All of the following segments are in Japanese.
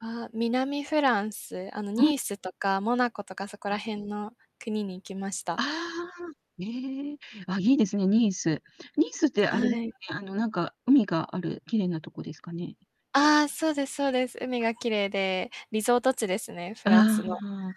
ああ、南フランス、あの、ん。ニースとかモナコとかそこらあ。辺の国に行きましあた。あ-ああ、へえ。あ、いいですね、ニース。ニースってあれではい。すね、あの、なんか海がある綺麗なとこですかね？ああ、そうですそうです。海が綺麗で、リゾート地ですね、フああ、ランスの。はあ。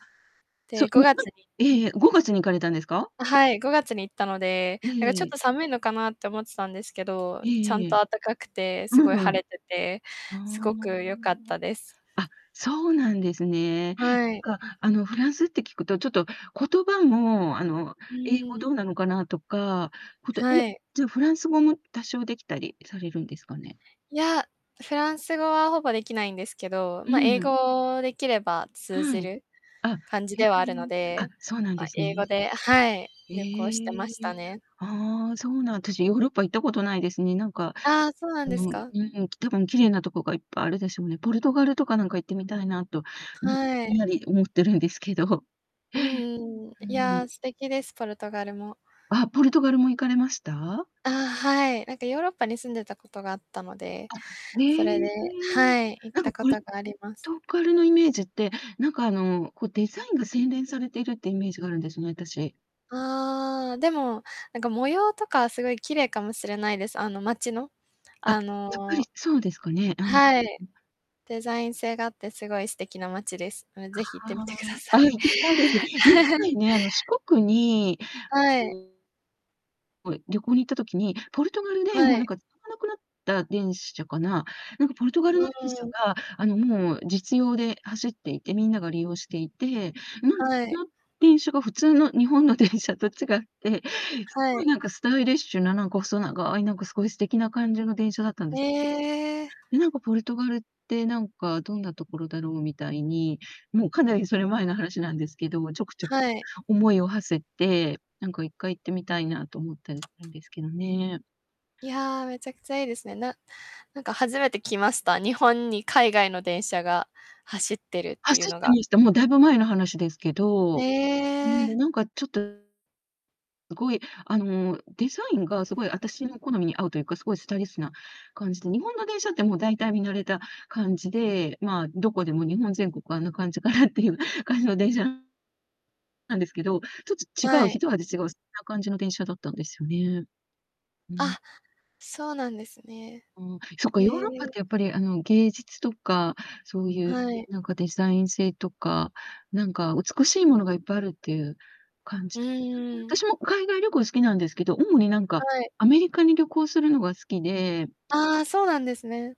そう、で、ごにがなつんにええええ、5月に行かれたんですか？はい、5月に行ったので、えなんかちえょえっえ。と寒いのかなって思ってたんですけど、えちゃえんえとえ。あったかくて、うすごいんうん。晴れてて、ああ、すごく良かっあたです。あ。あ、そうなんですね。なはい。んか、あの、フランスって聞くと、ちょっと言葉も、あの、う英語ん。どうなのかなとか、ことえ、はい。じゃあフランス語も多少できたりされるんですかね？いや、フランス語はほぼできないんですけど、うま、ん英うん。語できれば通じはい。るあ、感じへではあるのえ。あ、で、そうなんでま、す英語ね。ではい、え旅行してまえ、したね。ああ、そうなんあたし、ヨーロッパ行ったことないですね。なんか、ああ、そうなあんですの、うか。ーん、たぶん、綺麗なとこがいっぱいあるでしょうね。ポルトガルとかなんか行ってみたいなと、なんか、はぼんい。やり思ってるんですけど。うんうん、うーいやあ、ん。素敵です、ポルトガルも。あ、ポルトガルも行かれました？あ、はい、なんかヨーロッパに住んでたことがあったので、あ、それえでえ。はい、行っなんたかこポルとがあります。トガルのイメージって、なんか、あの、こ、デザインが洗練されてるってイメージがあるんですね、あたし。ああ、でも、なんか、模様とかすごい綺麗かもしれないです、あの、街の、あ、あやっぱりのそうですかね。あ、うんうん。はい。デザイン性があってすごい素敵な街です。もうぜひ行っあ、てみてはくだあ。あ、さい。行きたいです。いっか いね、あの、四国に、はううい。ーんこう、旅行に行った時に、ポルトガルで、はもうなんい。か使わなくなった電車かな、なんかポルトガうルの電ー車ん。が、あの、もう、実用で走っていて、みんなが利用していて、なんはい。な電車が、普通の日本の電車と違って、すはごいい。なんかスタイリッシュな、なんか細長い、なんか凄い素敵な感じの電車だったんへです。え。え、なんかポルトガルって、なんか、どんなところだろうみたいに。もう、かなり、それ、前の話なんですけど、ちょく、ちょはい。思いを馳せて、なんか、1回行ってみたいなと思ったりしたんですけどね。いや、めちゃくちゃいいですね。ななんか初めてきました。日本に海外の電車が走ってるっていう走っのてが。ました。もうだいぶ前の話ですけへど。うーん、で、え。なんかちょっと、凄い、あの、デザインが、凄い、あたしの好みに合うというか、凄いスタイリッシュな感じで、日本の電車ってもう大体見慣れた感じで、まあ、どこでも、日本全国あんな感じかなっていう感じの電車なんですけど、ちょっと違はう、い。一味違う、そんな感じの電車だったんですよね。うん。あ、そうなんですね。うん、そっか、へヨーロッパっえ。てやっぱり、あの、芸術とか、そうゆう、ん、はい。なんかデザイン性とか、なんか美しいものがいっぱいあるってゆう感うじんですよね。あうたしん。も海外旅行好きなんですけど、主になんか、はい。アメリカに旅行するのが好きでああ、そうなんですね。